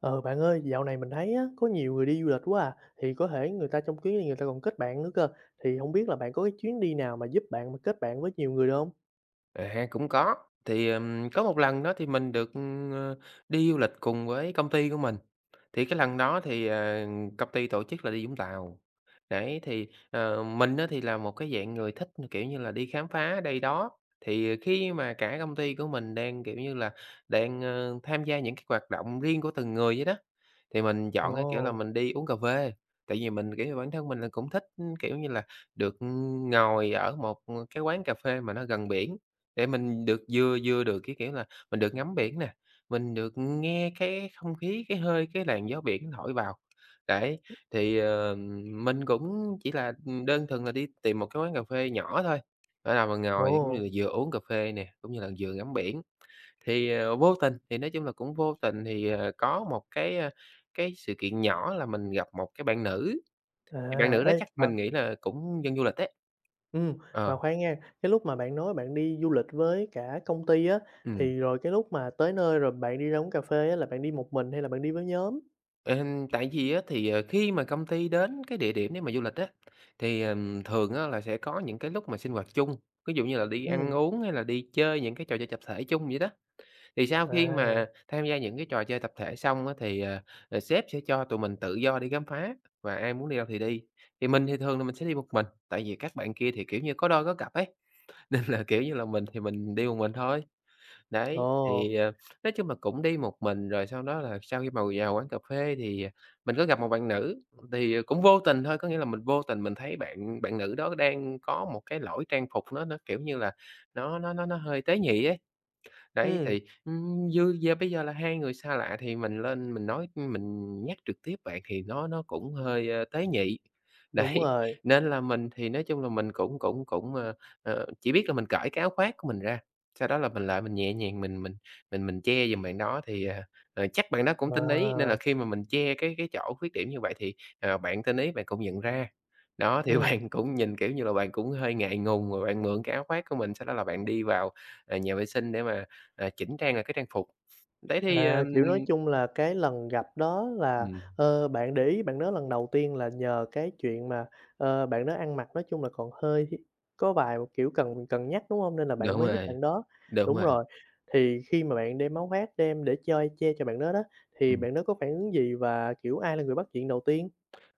Ờ, bạn ơi, dạo này mình thấy á, có nhiều người đi du lịch quá à, thì có thể người ta trong chuyến này người ta còn kết bạn nữa cơ, thì hổng biết là bạn có cái chuyến đi nào mà giúp bạn mà kết bạn với nhiều người được hông? À, cũng có, thì, ờm, có một lần đó thì mình được, ờ, đi du lịch cùng với công ty của mình, thì cái lần đó thì, ờ, công ty tổ chức là đi Vũng Tàu. Đấy, thì, ờ, mình á thì là một cái dạng người thích, kiểu như là, đi khám phá đây đó. Thì, ờ, khi mà cả công ty của mình đang, kiểu như là, đang, ơ, tham gia những cái hoạt động riêng của từng người vậy đó, thì mình chọn cái, kiểu là, Ồ. mình đi uống cà phê, tại vì mình, kiểu như, bản thân mình là cũng thích, kiểu như là, được ngồi ở một cái quán cà phê mà nó gần biển, để mình được vừa vừa được, cái kiểu là, mình được ngắm biển nè, mình được nghe cái không khí, cái hơi, cái làn gió biển thổi vào, đấy. Thì, ờ, mình cũng chỉ là đơn thuần là đi tìm một cái quán cà phê nhỏ thôi, để là mình ngồi cũng như Ồ. là vừa uống cà phê nè, cũng như là vừa ngắm biển. Thì, ờ, vô tình, thì, nói chung là, cũng vô tình thì, ờ, có một cái, a, cái sự kiện nhỏ là mình gặp một cái bạn nữ, thì bạn À. nữ đó Ê, chắc mà mình nghĩ là cũng dân du lịch đấy. Ừm, mà Ờ. khoan nha, cái lúc mà bạn nói bạn đi du lịch với cả công ty á, Ừm. thì rồi cái lúc mà tới nơi rồi bạn đi ra uống cà phê á, là bạn đi một mình hay là bạn đi với nhóm? Ừm, tại vì á thì khi mà công ty đến cái địa điểm nếu mà du lịch á, thì, ờm, thường á là sẽ có những cái lúc mà sinh hoạt chung, ví dụ như là đi ăn Ừm. uống hay là đi chơi những cái trò chơi tập thể chung vậy đó. Thì sau khi À. mà tham gia những cái trò chơi tập thể xong á, thì, ờ, ờ, sếp sẽ cho tụi mình tự do đi khám phá, và ai muốn đi đâu thì đi, thì mình thì thường là mình sẽ đi một mình, tại vì các bạn kia thì, kiểu như, có đôi có cặp ấy, nên là, kiểu như là, mình thì mình đi một mình thôi. Đấy, Ồ. thì, à, nói chung là cũng đi một mình rồi sau đó là sau khi mà vào quán cà phê thì mình có gặp một bạn nữ, thì cũng vô tình thôi, có nghĩa là mình vô tình mình thấy bạn bạn nữ đó đang có một cái lỗi trang phục nó nó, kiểu, như là nó nó nó nó hơi tế nhị ấy. Đấy Ừm. thì, ừm, như giờ bây giờ là hai người xa lạ thì mình lên mình nói mình nhắc trực tiếp vậy thì nó nó cũng hơi, ơ, tế nhị, Đúng đấy, rồi. nên là mình thì, nói chung là, mình cũng cũng cũng, à, à, chỉ biết là mình cởi cái áo khoác của mình ra, sau đó là mình lại mình nhẹ nhàng, mình mình mình mình che dùm bạn đó thì, à, à, chắc bạn đó cũng tinh ý, nên là Ờ. khi mà mình che cái cái chỗ khuyết điểm như vậy thì, ờ, bạn tinh ý bạn cũng nhận ra. Đó, thì Ừm. bạn cũng nhìn, kiểu như là, bạn cũng hơi ngại ngùng rồi bạn mượn cái áo khoác của mình sau đó là bạn đi vào, à, nhà vệ sinh để mà, à, chỉnh trang lại cái trang phục. Đấy thì, À, kiểu, nói ừm chung là, cái lần gặp đó là, Ừm. ờ, bạn để ý bạn đó lần đầu tiên là nhờ cái chuyện mà, ờ, bạn đó ăn mặc, nói chung là, còn hơi có vài, kiểu, cần cần nhắc, đúng hông? Nên là bạn Đúng mới giúp rồi, bạn đó, đúng đúng rồi. rồi, thì khi mà bạn đem áo khoác đem để chơi che cho bạn đó đó, thì Ừm. bạn đó có phản ứng gì và, kiểu, ai là người bắt chuyện đầu tiên?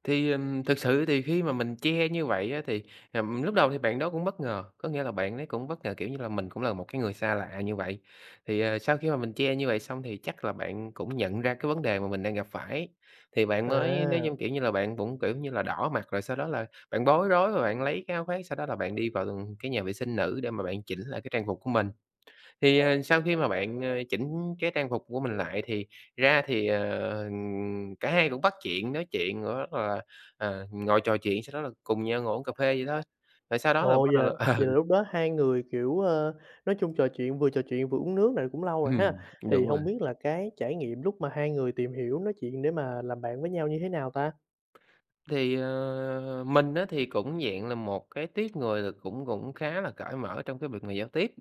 Thì, ờm, thực sự thì khi mà mình che như vậy á, thì, ừm, lúc đầu thì bạn đó cũng bất ngờ, có nghĩa là bạn ấy cũng bất ngờ, kiểu như là, mình cũng là một cái người xa lạ như vậy. Thì, ờ, sau khi mà mình che như vậy xong thì chắc là bạn cũng nhận ra cái vấn đề mà mình đang gặp phải, thì bạn mới, nói chung, À. kiểu như là, bạn cũng, kiểu như là, đỏ mặt, rồi sau đó là bạn bối rối và bạn lấy cái áo khoác, sau đó là bạn đi vào cái nhà vệ sinh nữ để mà bạn chỉnh lại cái trang phục của mình. Thì, ờ, sau khi mà bạn, ờ, chỉnh cái trang phục của mình lại thì ra thì, ờ, cả hai cũng bắt chuyện nói chuyện rất là, ờ, ngồi trò chuyện sau đó là cùng nhau ngồi uống cà phê vậy thôi, rồi sau đó là Ồ, vậy bắt đầu là là vậy ừ. là lúc đó hai người, kiểu, ờ, nói chung trò chuyện vừa trò chuyện vừa uống nước này cũng lâu rồi ha. Ừm, Thì đúng rồi. hông biết là cái trải nghiệm lúc mà hai người tìm hiểu nói chuyện để mà làm bạn với nhau như thế nào ta? Thì, ờ, mình á thì cũng dạng là một cái tuýp người là cũng cũng khá là cởi mở trong cái việc mà giao tiếp,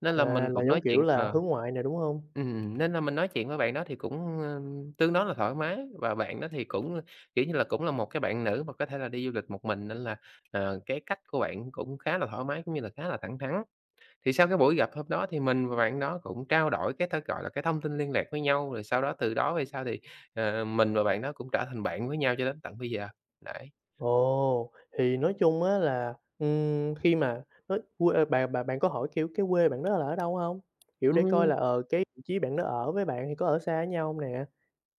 nên là À, mình là, cũng giống nói chuyện kiểu là, ờ, hướng ngoại nè, đúng hông? ừm, nên là mình nói chuyện với bạn đó thì cũng, ơ, tương đối là thoải mái và bạn đó thì cũng, kiểu như là, cũng là một cái bạn nữ mà có thể là đi du lịch một mình nên là, ờ, cái cách của bạn cũng khá là thoải mái, cũng như là khá là thẳng thắn. Thì sau cái buổi gặp hôm đó thì mình và bạn đó cũng trao đổi cái ta, gọi là, cái thông tin liên lạc với nhau, rồi sau đó từ đó về sau thì, ờ, mình và bạn đó cũng trở thành bạn với nhau cho đến tận bây giờ, đấy. Ồ, thì nói chung á là, ừm, khi mà ơ, quê bạn bạn bạn có hỏi, kiểu, cái quê bạn đó là ở đâu hông? Kiểu, để coi Ừm. là, ờ, cái vị trí bạn đó ở với bạn thì có ở xa với nhau hông nè?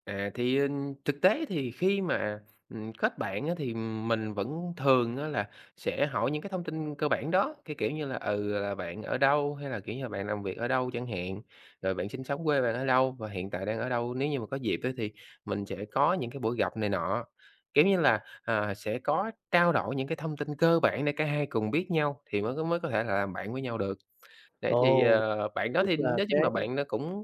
À, thì, ừm, thực tế thì khi mà, ừm, kết bạn á, thì mình vẫn thường á là sẽ hỏi những cái thông tin cơ bản đó, cái kiểu như là, ừ, là "bạn ở đâu?", hay là, kiểu như là, "bạn làm việc ở đâu?" chẳng hạn, rồi "bạn sinh sống ở quê bạn ở đâu và hiện tại đang ở đâu?", nếu như mà có dịp á thì mình sẽ có những cái buổi gặp này nọ. Kiểu như là, à, sẽ có trao đổi những cái thông tin cơ bản để cả hai cùng biết nhau thì mới có mới có thể là làm bạn với nhau được. Đấy thì, Ồ. ờ, bạn đó Tức thì là nói cái chung là bạn đó cũng,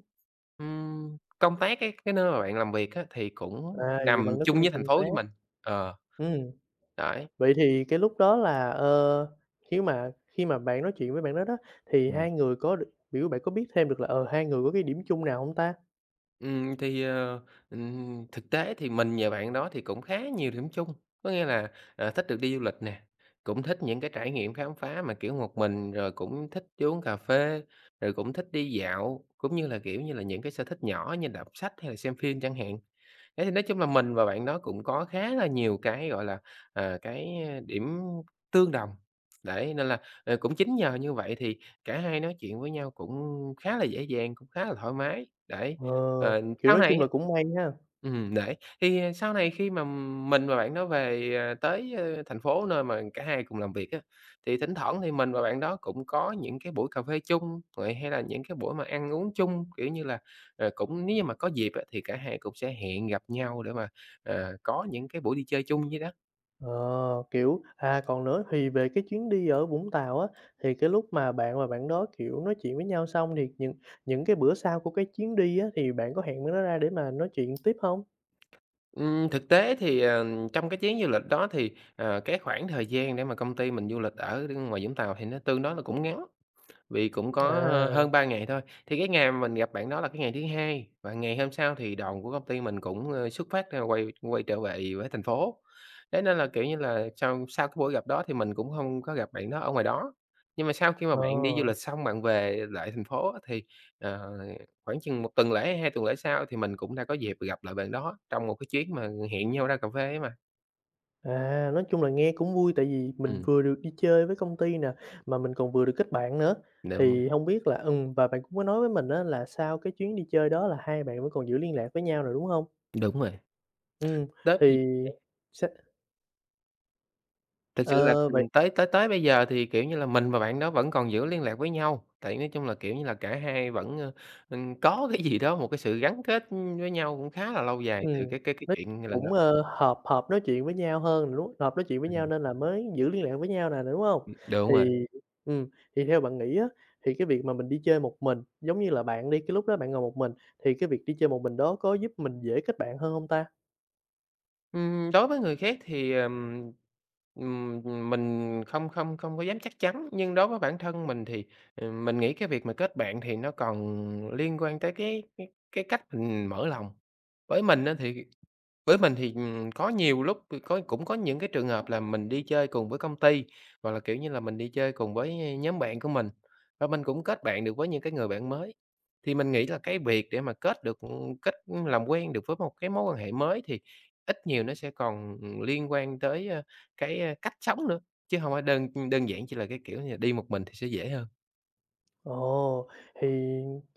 ừm, công tác cái cái nơi mà bạn làm việc á thì cũng À, vậy nằm bạn đó cũng chung đi với thành công phố tác. với mình, ờ. Ừm. Đấy. Vậy thì cái lúc đó là, ờ, khi mà khi mà bạn nói chuyện với bạn đó đó, thì Ừm. hai người có đ kiểu, bạn có biết thêm được là, ờ, hai người có cái điểm chung nào hông ta? Ừm, thì, ờ, ừm, thực tế thì mình và bạn đó thì cũng khá nhiều điểm chung, có nghĩa là, ờ, thích được đi du lịch nè, cũng thích những cái trải nghiệm khám phá mà, kiểu, một mình, rồi cũng thích đi uống cà phê, rồi cũng thích đi dạo, cũng như là, kiểu như là, những cái sở thích nhỏ như đọc sách hay là xem phim chẳng hạn, thế thì nói chung là mình và bạn đó cũng có khá là nhiều cái, gọi là, à, cái điểm tương đồng, đấy, nên là, à, cũng chính nhờ như vậy thì cả hai nói chuyện với nhau cũng khá là dễ dàng, cũng khá là thoải mái, đấy. Ờ, Ờ, kiểu, sau nói này chung á là cũng may ha. ừm, đấy, thì sau này khi mà mình và bạn đó về, ờ, tới, ơ, thành phố nơi mà cả hai cùng làm việc á, thì thỉnh thoảng thì mình và bạn đó cũng có những cái buổi cà phê chung vậy, hay là những cái buổi mà ăn uống chung, kiểu như là, rồi cũng nếu như mà có dịp á thì cả hai cũng sẽ hẹn gặp nhau để mà, ờ, có những cái buổi đi chơi chung vậy đó. Ờ, kiểu, à, còn nữa thì về cái chuyến đi ở Vũng Tàu á, thì cái lúc mà bạn và bạn đó, kiểu, nói chuyện với nhau xong thì những những cái bữa sau của cái chuyến đi á, thì bạn có hẹn bạn đó ra để mà nói chuyện tiếp hông? Ừm, thực tế thì, ờ, trong cái chuyến du lịch đó thì, ờ, cái khoảng thời gian để mà công ty mình du lịch ở ngoài Vũng Tàu thì nó tương đối nó cũng ngắn, vì cũng có À. hơn 3 ngày thôi. Thì cái ngày mà mình gặp bạn đó là cái ngày thứ hai, và ngày hôm sau thì đoàn của công ty mình cũng, ơ, xuất phát, a, quay quay trở về với thành phố. Thế nên là, kiểu như là, sau sau cái buổi gặp đó thì mình cũng hông có gặp bạn đó ở ngoài đó. Nhưng mà sau khi mà bạn đi du Ờ. lịch xong bạn về lại thành phố á thì, ờ, khoảng chừng 1 tuần lễ, 2 tuần lễ sau thì mình cũng đã có dịp gặp lại bạn đó, trong một cái chuyến mà hẹn nhau ra cà phê ấy mà. À, nói chung là nghe cũng vui tại vì mình Ừm. vừa được đi chơi với công ty nè, mà mình còn vừa được kết bạn nữa. Đúng rồi. Thì hông biết là ừm, và bạn cũng có nói với mình á là sau cái chuyến đi chơi đó là hai bạn vẫn còn giữ liên lạc với nhau rồi, đúng hông? Đúng rồi. Ừm, Tới bây thì giờ. [unintelligible] sẽ Thực sự là, Ờ, vậy ừm, tới tới tới bây giờ thì, kiểu như là, mình và bạn đó vẫn còn giữ liên lạc với nhau, tại nói chung là, kiểu như là, cả hai vẫn, a, ừm, có cái gì đó, một cái sự gắn kết với nhau cũng khá là lâu dài từ Ừm, cái cái cái nói chuyện lần gặp. cũng, a, hợp hợp nói chuyện với nhau hơn rồi đúng hợp nói chuyện với nhau Ừm. nên là mới giữ liên lạc với nhau nè nè, đúng hông? Ừm. Đúng rồi. Thì, ừm, thì theo bạn nghĩ á, thì cái việc mà mình đi chơi một mình, giống như là bạn đi, cái lúc đó bạn ngồi một mình thì cái việc đi chơi một mình đó có giúp mình dễ kết bạn hơn hông ta? Ừm, đối với người khác thì, ờ, ừm, ừm, mình không không không có dám chắc chắn, nhưng đối với bản thân mình thì mình nghĩ cái việc mà kết bạn thì nó còn liên quan tới cái cái cách mình mở lòng. Với mình á thì, với mình thì, ừm, có nhiều lúc cũng có những cái trường hợp là mình đi chơi cùng với công ty, hoặc là, kiểu như là, mình đi chơi cùng với, ơ, nhóm bạn của mình, và mình cũng kết bạn được với những cái người bạn mới. Thì mình nghĩ là cái việc để mà kết được kết làm quen được với một cái mối quan hệ mới thì ít nhiều nó sẽ còn liên quan tới, ơ, cái, ơ, cách sống nữa, chứ hông phải đơn đơn giản chỉ là cái, kiểu như, đi một mình thì sẽ dễ hơn. Ồ, thì,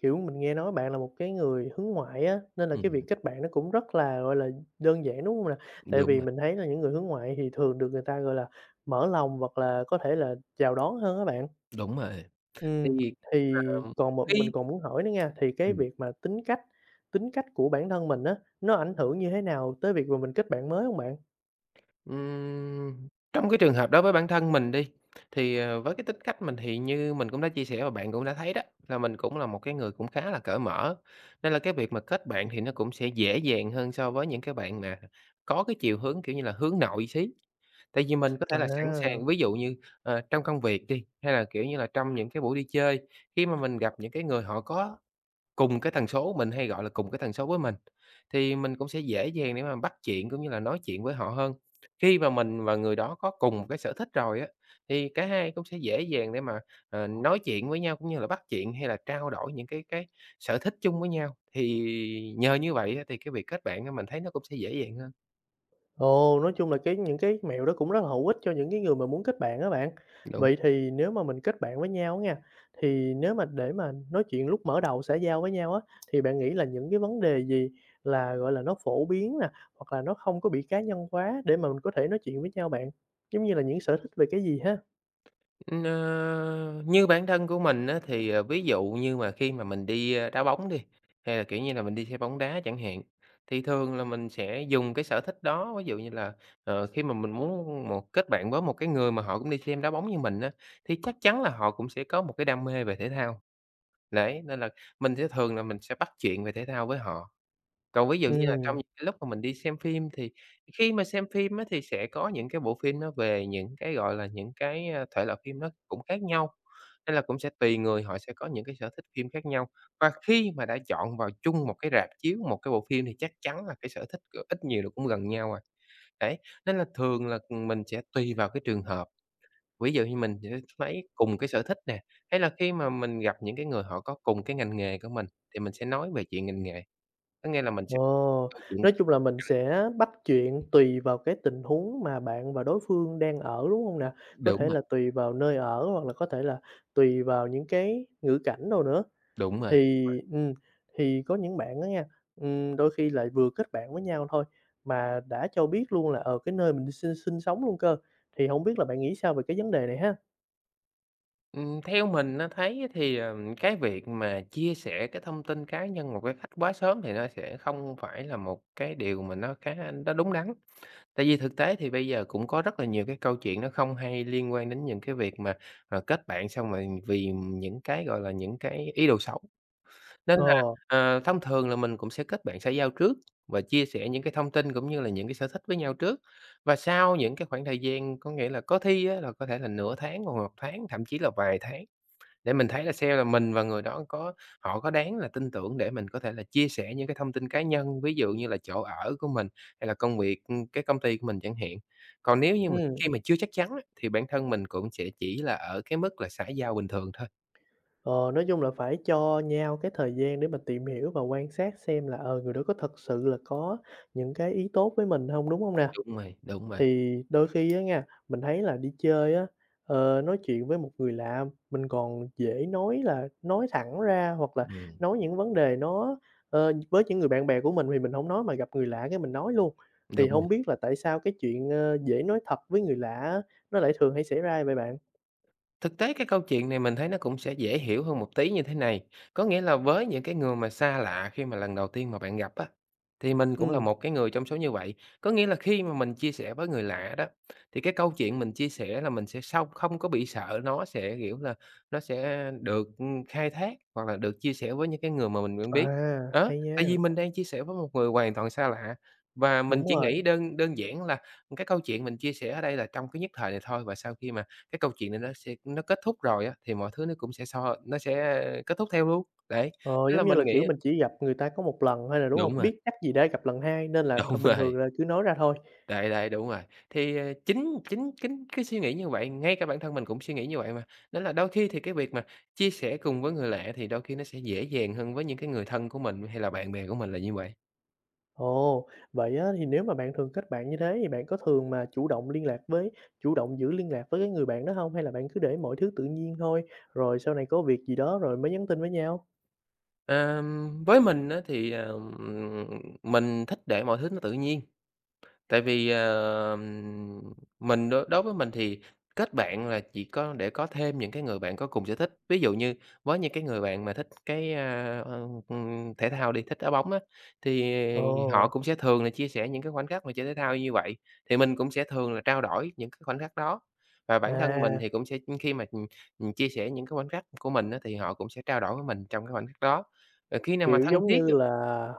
kiểu, mình nghe nói bạn là một cái người hướng ngoại á, nên là cái việc Ừm. kết bạn nó cũng rất là, gọi là, đơn giản, đúng hông nè? Tại Đúng vì rồi. mình thấy là những người hướng ngoại thì thường được người ta, gọi là, mở lòng hoặc là có thể là chào đón hơn á bạn. Đúng rồi, thì, Ừm, thì ờm, còn một mình cái còn muốn hỏi nữa nha, thì cái Ừm. việc mà tính cách tính cách của bản thân mình á, nó ảnh hưởng như thế nào tới việc mà mình kết bạn mới hông bạn? Ừm, trong cái trường hợp đối với bản thân mình đi, thì, ờ, với cái tính cách mình thì như mình cũng đã chia sẻ và bạn cũng đã thấy đó, là mình cũng là một cái người cũng khá là cởi mở, nên là cái việc mà kết bạn thì nó cũng sẽ dễ dàng hơn so với những cái bạn mà có cái chiều hướng, kiểu như là, hướng nội xí. Tại vì mình có thể là sẵn sàng Wow. ví dụ như, ờ, trong công việc đi, hay là, kiểu như là, trong những cái buổi đi chơi, khi mà mình gặp những cái người họ có cùng cái tần số mình hay gọi là cùng cái tần số với mình, thì mình cũng sẽ dễ dàng để mà bắt chuyện cũng như là nói chuyện với họ hơn. Khi mà mình và người đó có cùng một cái sở thích rồi á, thì cả hai cũng sẽ dễ dàng để mà, ờ, nói chuyện với nhau cũng như là bắt chuyện hay là trao đổi những cái cái sở thích chung với nhau thì nhờ như vậy á, thì cái việc kết bạn á mình thấy nó cũng sẽ dễ dàng hơn. Ồ, nói chung là cái những cái mẹo đó cũng rất là hữu ích cho những cái người mà muốn kết bạn á bạn. Đúng. Vậy thì nếu mà mình kết bạn với nhau á nha, thì nếu mà để mà nói chuyện lúc mở đầu xã giao với nhau á, thì bạn nghĩ là những cái vấn đề gì là, gọi là, nó phổ biến nè, hoặc là nó không có bị cá nhân quá để mà mình có thể nói chuyện với nhau bạn, giống như là những sở thích về cái gì ha? Ờ, như bản thân của mình á thì ví dụ như mà khi mà mình đi đá bóng đi, hay là, kiểu, như là mình đi xem bóng đá chẳng hạn, thì thường là mình sẽ dùng cái sở thích đó, ví dụ như là, ờ, khi mà mình muốn một kết bạn với một cái người mà họ cũng đi xem đá bóng như mình á, thì chắc chắn là họ cũng sẽ có một cái đam mê về thể thao. Đấy, nên là mình sẽ thường là mình sẽ bắt chuyện về thể thao với họ. Còn ví dụ như là trong những Ừm. cái lúc mà mình đi xem phim, thì khi mà xem phim á thì sẽ có những cái bộ phim nó về những cái, gọi là, những cái thể loại phim nó cũng khác nhau, nên là cũng sẽ tùy người họ sẽ có những cái sở thích phim khác nhau. Và khi mà đã chọn vào chung một cái rạp chiếu, một cái bộ phim thì chắc chắn là cái sở thích g ít nhiều là cũng gần nhau à. Đấy, nên là thường là mình sẽ tùy vào cái trường hợp. Ví dụ như mình sẽ lấy cùng cái sở thích nè, hay là khi mà mình gặp những cái người họ có cùng cái ngành nghề của mình thì mình sẽ nói về chuyện ngành nghề. Có nghĩa là mình sẽ Ồ. câu chuyện Nói chung là mình [unintelligible] sẽ bắt chuyện tùy vào cái tình huống mà bạn và đối phương đang ở, đúng hông nè? Có Đúng thể rồi. là tùy vào nơi ở hoặc là có thể là tùy vào những cái ngữ cảnh nào nữa. Đúng rồi. Thì, [unintelligible] ừm, thì có những bạn đó nha, ừm, đôi khi lại vừa kết bạn với nhau thôi mà đã cho biết luôn là, ờ, cái nơi mình sinh sinh sống luôn cơ, thì hổng biết là bạn nghĩ sao về cái vấn đề này ha? Ừm, theo mình, a, thấy thì, ờ, cái việc mà chia sẻ cái thông tin cá nhân một cái cách quá sớm thì nó sẽ không phải là một cái điều mà nó khá nó đúng đắn, tại vì thực tế thì bây giờ cũng có rất là nhiều cái câu chuyện nó không hay liên quan đến những cái việc mà, ờ, kết bạn xong rồi vì những cái, gọi là, những cái ý đồ xấu nên là, Ờ. ờ, thông thường là mình cũng sẽ kết bạn xã giao trước và chia sẻ những cái thông tin cũng như là những cái sở thích với nhau trước và sau những cái khoảng thời gian, có nghĩa là, có thi á là, có thể là nửa tháng hoặc là 1 tháng, thậm chí là vài tháng, để mình thấy là xe là mình và người đó có họ có đáng là tin tưởng để mình có thể là chia sẻ những cái thông tin cá nhân, ví dụ như là chỗ ở của mình hay là công việc, ưm, cái công ty của mình chẳng hạn, còn nếu như mà Ừm. khi mà chưa chắc chắn á thì bản thân mình cũng sẽ chỉ là ở cái mức là xã giao bình thường thôi. Ờ, nói chung là phải cho nhau cái thời gian để mà tìm hiểu và quan sát xem là, ờ, người đó có thật sự là có những cái ý tốt với mình hông, đúng hông nè? Đúng rồi, đúng vậy. Thì đôi khi á nha, mình thấy là đi chơi á, ờ, nói chuyện với một người lạ mình còn dễ nói là nói thẳng ra hoặc là Ừm. nói những vấn đề nó, ờ, với những người bạn bè của mình thì mình hổng nói mà gặp người lạ cái mình nói luôn, thì Đúng rồi. hông biết là tại sao cái chuyện, ơ, dễ nói thật với người lạ á, nó lại thường hay xảy ra vậy bạn? Thực tế cái câu chuyện này mình thấy nó cũng sẽ dễ hiểu hơn một tí như thế này, có nghĩa là với những cái người mà xa lạ khi mà lần đầu tiên mà bạn gặp á, thì mình cũng là Ừm. một cái người trong số như vậy, có nghĩa là khi mà mình chia sẻ với người lạ đó thì cái câu chuyện mình chia sẻ là mình sẽ sông không có bị sợ nó sẽ, kiểu là, nó sẽ được, ưm, khai thác hoặc là được chia sẻ với những cái người mà mình quen biết, À, đó, hay tại vì nha. mình đang chia sẻ với một người hoàn toàn xa lạ và mình Đúng chỉ nghĩ rồi. đơn đơn giản là cái câu chuyện mình chia sẻ ở đây là trong cái nhất thời này thôi và sau khi mà cái câu chuyện này nó sẽ nó kết thúc rồi á, thì mọi thứ nó cũng sẽ xoa nó sẽ kết thúc theo luôn. Đấy, Ờ, nên là giống như mình là, nghĩ kiểu, mình chỉ gặp người ta có một lần thôi à, đúng Đúng hông? rồi. Biết chắc gì đã gặp lần hai nên là th Đúng bình rồi. thường là cứ nói ra thôi. Đấy, đấy, đúng rồi thì, ờ, chính chính chính cái suy nghĩ như vậy ngay cả bản thân mình cũng suy nghĩ như vậy mà nên là đôi thi thì cái việc mà chia sẻ cùng với người lạ thì đôi khi nó sẽ dễ dàng hơn với những cái người thân của mình hay là bạn bè của mình là như vậy. Ồ. Vậy á thì nếu mà bạn thường kết bạn như thế thì bạn có thường mà chủ động liên lạc với chủ động giữ liên lạc với cái người bạn đó hông, hay là bạn cứ để mọi thứ tự nhiên thôi, rồi sau này có việc gì đó rồi mới nhắn tin với nhau? Ờm, với mình á, thì, ờm, mình thích để mọi thứ nó tự nhiên. Tại vì, ờ, mình đối với mình thì kết bạn là chỉ có để có thêm những cái người bạn có cùng sở thích. Ví dụ như với những cái người bạn mà thích cái, à, ưm, thể thao đi, thích đá bóng á, thì họ Ồ. cũng sẽ thường là chia sẻ những cái khoảnh khắc mà chơi thể thao như vậy, thì mình cũng sẽ thường là trao đổi những cái khoảnh khắc đó, và bản thân mình À. thì cũng sẽ khi mà chia sẻ những cái khoảnh khắc của mình á, thì họ cũng sẽ trao đổi với mình trong cái khoảnh khắc đó. Ờ, khi nào mà Kiểu, thân giống thiết như là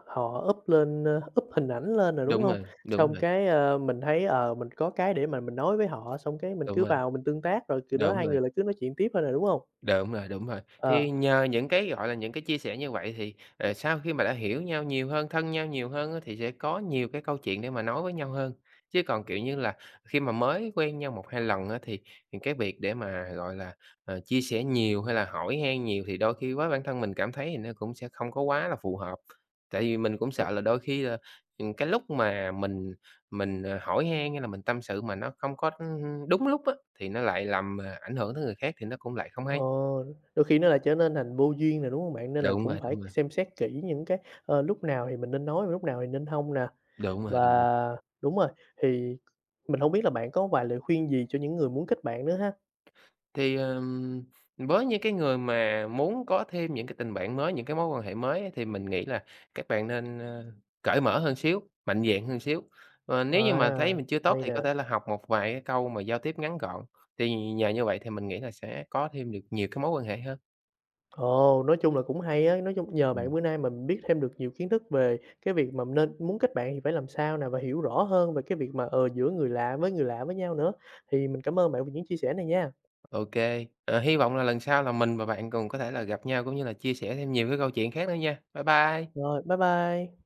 họ up lên up hình ảnh lên rồi, đúng Đúng hông? rồi, đúng Xong rồi. cái, ơ, mình thấy, ờ, mình có cái để mà mình nói với họ xong cái mình Đúng cứ rồi. vào mình tương tác rồi từ đó Đúng hai rồi. người lại cứ nói chuyện tiếp thôi nè, đúng hông? Đúng rồi, đúng rồi. Ờ. Thì nhờ những cái, gọi là, những cái chia sẻ như vậy thì, ờ, sau khi mà đã hiểu nhau nhiều hơn, thân nhau nhiều hơn thì sẽ có nhiều cái câu chuyện để mà nói với nhau hơn. Chứ còn, kiểu như là, khi mà mới quen nhau 1, 2 lần á thì cái việc để mà, gọi là, ờ, chia sẻ nhiều, hay là hỏi han nhiều thì đôi khi với bản thân mình cảm thấy nó cũng sẽ không có quá là phù hợp. Tại vì mình cũng sợ là đôi khi là, ư, cái lúc mà mình mình hỏi han hay là mình tâm sự mà nó không có đúng lúc á, thì nó lại làm ảnh hưởng tới người khác thì nó cũng lại không hay. Ồ. Đôi khi nó lại trở nên thành vô duyên nè, đúng hông bạn? Nên là Đúng cũng rồi, phải đúng rồi. xem xét kỹ những cái, ơ, lúc nào thì mình nên nói và lúc nào thì nên hông nè. Đúng rồi, Và đúng rồi. đúng rồi, thì mình hông biết là bạn có vài lời khuyên gì cho những người muốn kết bạn nữa ha? Thì, ờm, với những cái người mà muốn có thêm những cái tình bạn mới, những cái mối quan hệ mới thì mình nghĩ là các bạn nên, ơ, cởi mở hơn xíu, mạnh dạn hơn xíu. Ờ, nếu như mà thấy À, mình chưa tốt hay thì có nè. thể là học một vài cái câu mà giao tiếp ngắn gọn, thì nhờ như vậy thì mình nghĩ là sẽ có thêm được nhiều cái mối quan hệ hơn. Ồ. Nói chung là cũng hay á, nói chung nhờ Ừm. bạn bữa nay mình biết thêm được nhiều kiến thức về cái việc mà nên muốn kết bạn thì phải làm sao nè và hiểu rõ hơn về cái việc mà, ờ, giữa người lạ với người lạ với nhau nữa, thì mình cảm ơn bạn về những chia sẻ này nha. Ô kê, ờ, hy vọng là lần sau là mình và bạn cùng có thể là gặp nhau cũng như là chia sẻ thêm nhiều cái câu chuyện khác nữa nha. Bye bye. Rồi, bye bye.